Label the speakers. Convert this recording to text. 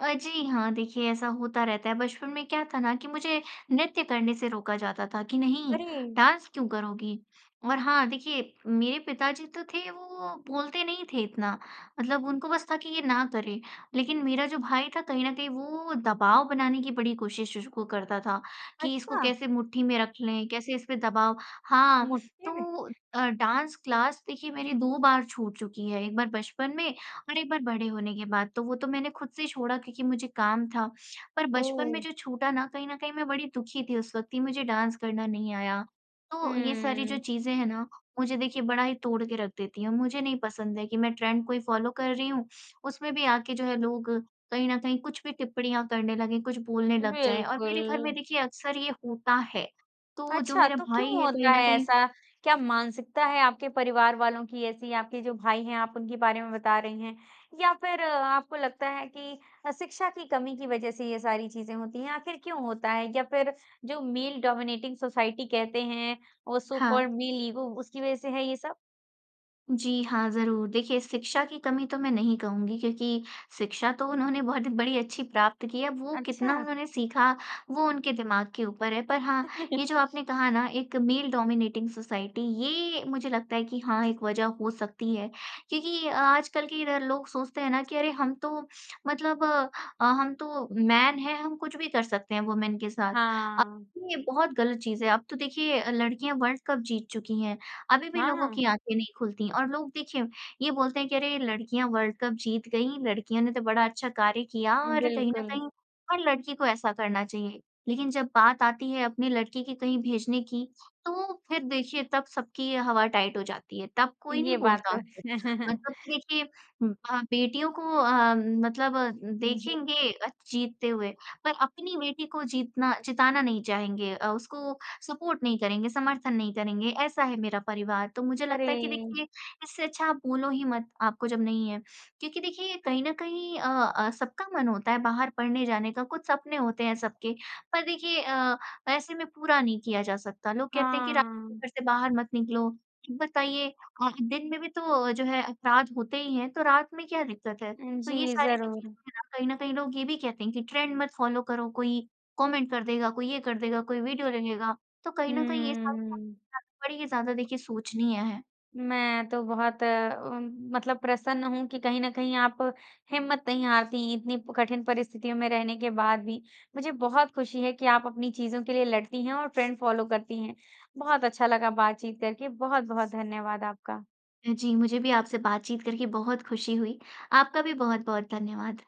Speaker 1: अ, जी हाँ देखिए, ऐसा होता रहता है, बचपन में क्या था ना कि मुझे नृत्य करने से रोका जाता था कि नहीं
Speaker 2: अरे।
Speaker 1: डांस क्यों करोगी? और हाँ देखिए, मेरे पिताजी तो थे वो बोलते नहीं थे इतना, मतलब उनको बस था कि ये ना करें। लेकिन मेरा जो भाई था कहीं न कहीं वो दबाव बनाने की बड़ी कोशिश श वो करता था कि इसको
Speaker 2: अच्छा।
Speaker 1: कैसे मुट्ठी में रख लें। कैसे इसपे दबाव हाँ,
Speaker 2: [unintelligible]
Speaker 1: तो अ, डांस क्लास देखिए मेरी 2 बार छूट चुकी है। एक बार बचपन में और एक बार बड़े होने के बाद, तो वो तो मैंने खुद से छोड़ा क्योंकि मुझे काम था। पर बचपन में
Speaker 2: ओह।
Speaker 1: जो छूटा ना कहीं न कहीं मैं बड़ी दुखी थी उस वक़्त कि मुझे डांस करना नहीं आया। तो ये सारी जो
Speaker 2: हम्म।
Speaker 1: चीज़ें हैं ना, मुझे देखिए बड़ा ही तोड़ के रख देती हैं। मुझे नहीं पसंद है कि मैं ट्रेंड को ही फ़ॉलो कर रही हूँ। उसमें भी आके जो है लोग कहीं न कहीं कुछ भी टिप्पणियाँ करने लगें, कुछ बोलने लग जाएँ और मेरे घर में
Speaker 2: बिल्कुल।
Speaker 1: देखिए अक्सर ये होता है। तो जो
Speaker 2: अच्छा
Speaker 1: मेरा
Speaker 2: तो
Speaker 1: भाई
Speaker 2: क्यों
Speaker 1: है कहीं
Speaker 2: होता
Speaker 1: न
Speaker 2: है
Speaker 1: कहीं
Speaker 2: ऐसा? क्या मानसिकता है आपके परिवार वालों की ऐसी? आपके जो भाई हैं, आप उनके बारे में बता रहे हैं या फिर आपको लगता है कि अ, शिक्षा की कमी की वज़ह से ये सारी चीज़ें होती हैं? आखिर क्यों होता है या फिर जो मेल डोमिनेटिंग सोसाइटी कहते हैं और सो
Speaker 1: हाँ।
Speaker 2: कॉल्ड मेल ईगो उसकी वज़ह से है ये सब?
Speaker 1: जी हाँ, ज़रूर, देखिए शिक्षा की कमी तो मैं नहीं कहूँगी, क्योंकि शिक्षा तो उन्होंने बहुत बड़ी अच्छी प्राप्त की है। वो कितना
Speaker 2: अच्छा।
Speaker 1: उन्होंने सीखा, वो उनके दिमाग़ के ऊपर है। पर हाँ, ये जो आपने कहा ना एक मेल डोमिनेटिंग सोसाइटी ये मुझे लगता है कि हाँ एक वज़ह हो सकती है। क्योंकि आजकल के ल लोग सोचते हैं ना कि अरे हम तो मतलब अ, हम तो मैन हैं, हम कुछ भी कर सकते हैं। वूमेन के साथ। [unintelligible]
Speaker 2: हाँ।
Speaker 1: ये बहुत गलत चीज़ है। अब तो देखिए लड़कियाँ वर्ल्ड कप जीत चुकी हैं। अभी भी लोगों
Speaker 2: हाँ।
Speaker 1: की आँखें नहीं खुलती और लोग देखिए ये बोलते हैं कि अरे लड़कियाँ वर्ल्ड कप जीत गईं, लड़कियों ने तो बड़ा अच्छा कार्य किया
Speaker 2: उम,
Speaker 1: और कहीं न
Speaker 2: बिल्कुल।
Speaker 1: कहीं हर लड़की को ऐसा करना चाहिए। लेकिन जब बात आती है अपनी लड़की की कहीं भेजने की, तो फिर देखिए तब सबकी हवा-टाइट हो जाती है। तब कोई नहीं
Speaker 2: ये बात
Speaker 1: बोलता।
Speaker 2: तो।
Speaker 1: [unintelligible] मतलब देखिए अ, बेटियों को अम, मतलब
Speaker 2: जी।
Speaker 1: देखेंगे जीतते हुए पर अपनी बेटी को जीतना जिताना नहीं चाहेंगे, अ, उसको सपोर्ट नहीं करेंगे, समर्थन नहीं करेंगे, ऐसा है मेरा परिवार। तो मुझे लगता है कि
Speaker 2: अरे!
Speaker 1: देखिए इससे अच्छा आप बोलो ही मत, आपको जब नहीं है। क्योंकि देखिए कहीं न कहीं अ अ, सबका मन होता है बाहर पढ़ने जाने का, कुछ सपने होते हैं सबके, पर देखिए अ, ऐसे में पूरा नहीं किया जा सकता। लोग कहते हैं कि रात को
Speaker 2: हाँ।
Speaker 1: घर से बाहर मत निकलो। ये बताइए अ, दिन में भी तो जो है अपराध होते ही हैं, तो रात में क्या दिक्‍क़त है?
Speaker 2: उम,
Speaker 1: तो ये
Speaker 2: जी
Speaker 1: सारी जो
Speaker 2: ज़रूर।
Speaker 1: चीज़ें हैं ना, कहीं न कहीं लोग ये भी कहते हैं कि ट्रेंड मत फ़ॉलो करो। कोई कॉमेंट कर देगा कोई ये कर देगा कोई वीडियो ले लेगा, तो कहीं न कहीं ये सब बाते
Speaker 2: हम्म।
Speaker 1: बड़ी ही ज़्यादा देखिए सोचनीय है।
Speaker 2: मैं तो बहुत अ, उम, मतलब प्रसन्न हूँ। कि कहीं न कहीं आप हिम्मत नहीं हारती, इतनी कठिन परिस्थितियों में रहने के बाद भी। मुझे बहुत खुशी है कि आप अपनी चीज़ों के लिए लड़ती हैं और ट्रेंड फ़ॉलो करती हैं। बहुत अच्छा लगा बातचीत करके। बहुत-बहुत धन्यवाद आपका।
Speaker 1: अ, जी, मुझे भी आपसे बातचीत करके बहुत खुशी हुई। आपका भी बहुत-बहुत धन्यवाद।